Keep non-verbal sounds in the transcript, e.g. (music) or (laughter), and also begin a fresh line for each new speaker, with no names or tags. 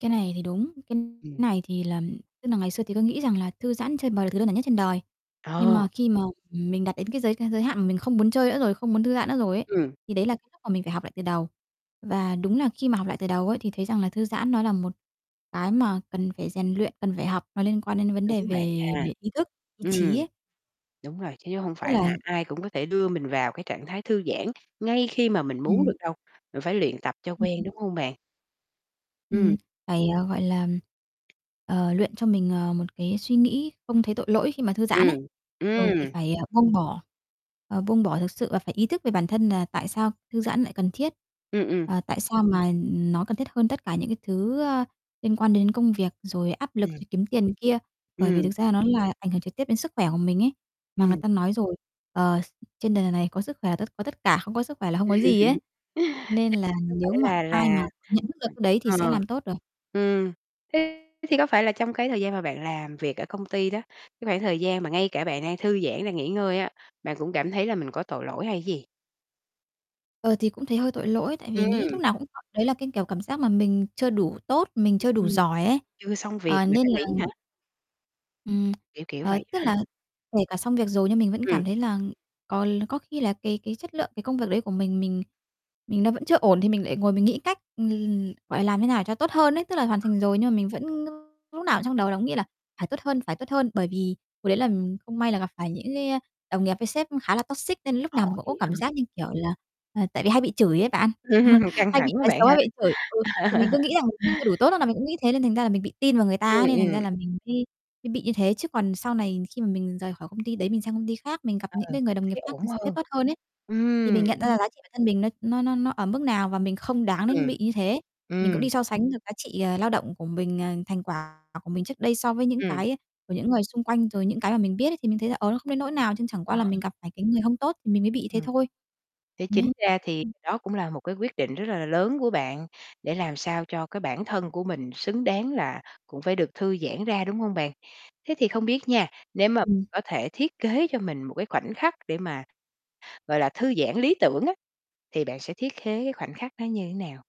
Cái này thì đúng, cái
Ừm.
này thì là tức là ngày xưa thì tôi nghĩ rằng là thư giãn, chơi bời là thứ đơn giản nhất trên đời, nhưng
Ờ.
mà khi mà mình đạt đến cái giới giới hạn mà mình không muốn chơi nữa rồi, không muốn thư giãn nữa rồi ấy,
Ừm.
thì đấy là cái lúc mà mình phải học lại từ đầu. Và đúng là khi mà học lại từ đầu ấy thì thấy rằng là thư giãn nó là một cái mà cần phải rèn luyện, cần phải học. Nó liên quan đến vấn đề
Đúng bạn
về
ha.
về ý thức, ý
Ừm.
chí ấy.
Đúng rồi, chứ (unintelligible) hông
Tức
phải
là
là ai cũng có thể đưa mình vào cái trạng thái thư giãn ngay khi mà mình muốn được
Ừm.
đâu, mình phải luyện tập cho quen,
(unintelligible)
đúng hông bạn?
Ừm,
Ừm.
phải, à, gọi là, ờ, luyện cho mình, ờ, một cái suy nghĩ không thấy tội lỗi khi mà thư giãn ấy.
Ừm,
Rồi thì
ừm.
phải, à, buông bỏ, ờ, buông bỏ thực sự và phải ý thức về bản thân là tại sao thư giãn lại cần thiết,
Ừm, ừm.
ờ, tại sao mà nó cần thiết hơn tất cả những cái thứ, ờ, liên quan đến công việc rồi áp lực
Ừm.
rồi kiếm tiền này kia, bởi vì thực
Ừm.
ra nó là ảnh hưởng trực tiếp đến sức khỏe của mình ấy. Mà người
Ừm.
ta nói rồi, ờ, s trên đời này có sức khỏe tất có tất cả, không có sức khỏe là không có gì ấy,
(laughs) (unintelligible)
nên là
Cứ phải
nếu mà
là
ai
là
mà nhận thức được cái đấy thì sẽ
ờ,
làm tốt được.
ừm, thế thì có phải là trong cái thời gian mà bạn làm việc ở công ty đó, cái khoảng thời gian mà ngay cả bạn đang thư giãn, đang nghỉ ngơi á, bạn cũng cảm thấy là mình có tội lỗi hay cái gì?
Ờ, thì cũng thấy hơi tội lỗi tại vì nghĩ
Ừm.
lúc nào cũng (unintelligible) đấy là cái, kiểu, cảm giác mà mình chưa đủ tốt, mình chưa đủ
Ừm.
giỏi ấy.
Chưa xong việc
Ờ,
mà
nên
đã
là
nghỉ hả?
Ừm,
Kiểu kiểu
ờ,
vậy
tức
á hả?
là kể cả xong việc rồi nhưng mình vẫn
Ừm.
cảm thấy là có l có khi là cái cái chất lượng cái công việc đấy của mình mình mình đang vẫn chưa ổn thì mình lại ngồi mình nghĩ cách (unintelligible) gọi làm thế nào cho tốt hơn ấy, tức là hoàn thành
Ờ.
rồi nhưng mà mình vẫn lúc nào trong đầu cũng nghĩ là "phải tốt hơn, phải tốt hơn" bởi vì hồi đấy là không may là gặp phải những cái, a, đồng nghiệp với sếp khá là toxic nên lúc
Ồ,
nào mình cũng
dữ
có
vậy
cảm
hả?
giác như kiểu là ờ, tại vì hay bị chửi á bạn, ờ,
(laughs) Căng
hay bị
thẳng quá
nói
bạn
xấu, hay
ha.
bị chửi. Ừ, thì mình cứ
(laughs)
nghĩ rằng là mình chưa đủ tốt nên là mình cũng nghĩ thế nên thành ra là mình bị tin vào người ta
Ừm,
ấy nên thành ra
ừm.
là mình mới mới bị như thế. Chứ còn sau này khi mà mình rời khỏi công ty đấy, mình sang công ty khác, mình gặp
Ừ,
những cái người đồng nghiệp
thấy
khác,
ổn
người s sếp
hơn.
tốt hơn ấy, thì
Ừm.
mình nhận ra là giá trị bản thân mình nó nó nó nó ở mức nào và mình không đáng đến
Ừm,
bị như thế. Mình cũng
ừm.
đi so sánh được giá trị, ờ, lao động của mình, ờ, thành quả của mình trước đây so với những
Ừm.
cái của những người xung quanh rồi những cái mà mình biết thì mình thấy là, ờ, nó không đến nỗi nào chên chẳng qua
Ờ.
là mình gặp phải cái người hông tốt mình mới bị như thế
Ừm.
thôi.
Thế
Nấy.
chính ra thì
Ừm.
đó cũng là một cái quyết định rất là lớn của bạn để làm sao cho cái bản thân của mình xứng đáng là cũng phải được thư giãn ra, đúng hông bạn? Thế thì không biết nha, nếu mà
Ừm.
có thể thiết kế cho mình một cái khoảnh khắc để mà, gọi là, thư giãn lý tưởng á, thì bạn sẽ thiết khế khoảnh khắc nó như thế nào?